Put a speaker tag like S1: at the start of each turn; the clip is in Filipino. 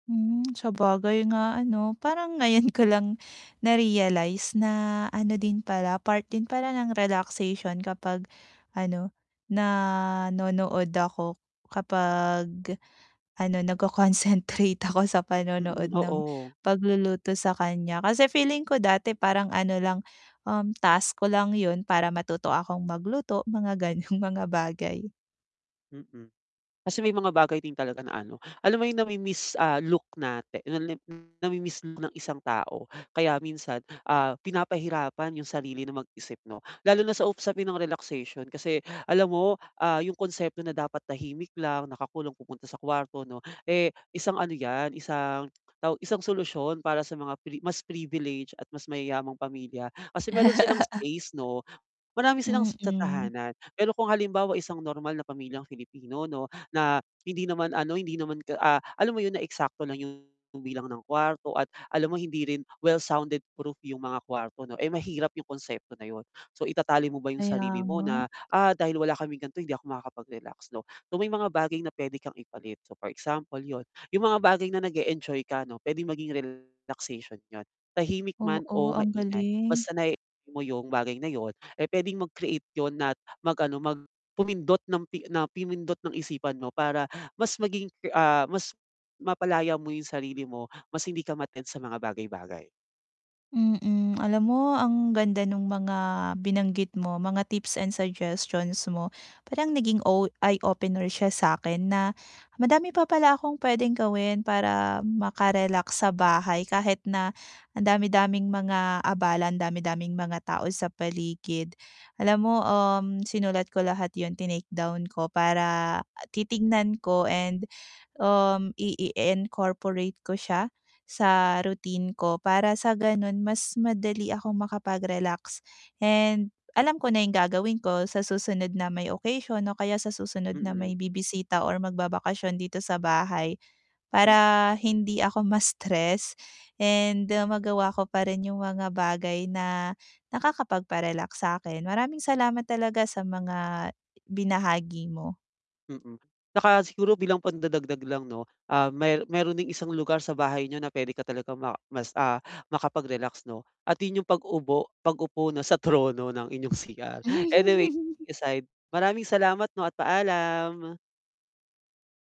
S1: Hmm, sabagay nga, ano, parang ngayon ko lang na-realize na, ano din pala, part din pala ng relaxation kapag, ano, nanonood ako, kapag, ano, nagko-concentrate ako sa
S2: Mm,
S1: panonood ng
S2: oo.
S1: pagluluto sa kaniya. Kasi feeling ko dati parang ano lang, um, task ko lang 'yon, para matuto akong magluto, mga gano'ng mga bagay.
S2: Mm, kasi may mga bagay din talaga na, ano, alam mo 'yong namimiss, ah, look natin, lalo na 'yong nami-miss look ng isang tao. Kaya minsan, ah, pinapahirapan 'yong sarili na mag-isip, 'no. Lalo na sa usapin ng relaxation, kasi, alam mo, ah, 'yong konsepto na dapat tahimik lang nakakulong pupunta sa kwarto, 'no, eh, isang ano 'yan, isang tawag, isang solusyon para sa mga pre mas privileged at mas mayayamang pamilya. Kasi mayro'n silang space, 'no. Marami silang sa
S1: Mm.
S2: tahanan. Pero kung halimbawa isang normal na pamilyang Filipino, 'no, na hindi naman, ano, hindi naman ka ah, alam mo 'yon, na eksakto lang 'yong bilang ng kwarto at alam mo hindi rin well sounded proof 'yong mga kwarto, 'no, eh, mahirap 'yong konsepto na 'yon. So itatali mo ba 'yong sarili
S1: Kaya
S2: mo
S1: nga.
S2: na, "Ah, dahil wala kaming ganito hindi ako makakapag-relax, 'no." So may mga bagay na puwede kang ipalit. So for example, 'yon, 'yong mga bagay na nag-e-enjoy ka, 'no puwedeng maging relaxation 'yon. Tahimik man o
S1: Oo, ang
S2: maingay, mas
S1: galing.
S2: sanayin mo 'yong bagay na 'yon eh, puwedeng mag-create 'yon at mag-ano, mag pumindot nang pi na pumindot ng isipan mo para mas maging ke ah, mas mapalaya mo 'yong sarili mo, mas hindi ka ma-tempt sa mga bagay-bagay.
S1: Mm, alam mo ang ganda no'ng mga binanggit mo, mga tips and suggestions mo. Parang ang o naging eye-opener siya sa 'kin na, madami pa pala akong puwedeng gawin para maka-relax sa bahay kahit na ang dami-daming mga abala, ang dami-daming mga tao sa paligid. Alam mo, um, sinulat ko lahat 'yon, tinake down ko para titignan ko and, um, ii-incorporate ko siya sa routine ko, para sa gano'n mas madali akong makapag-relax and alam ko na 'yong gagawin ko sa susunod na may occasion o kaya sa susunod na
S2: Mm.
S1: may bibisita or magbabakasyon dito sa bahay,
S2: M
S1: para hindi ako ma-stress and magawa ko pa rin 'yong mga bagay na nakakapagpa-relax sa 'kin. Maraming salamat talaga sa mga binahagi mo.
S2: Mm. 'Tsaka siguro, bilang pandadagdag lang, 'no, ah, mayr mayro'n ding isang lugar sa bahay niyo na puwede ka talagang ma mas, ah, makapag-relax, 'no, at 'yon 'yong pag-ubo pag-upo, 'no, sa trono ng inyong CR. Anyway, kidding aside, maraming salamat, 'no, at paalam.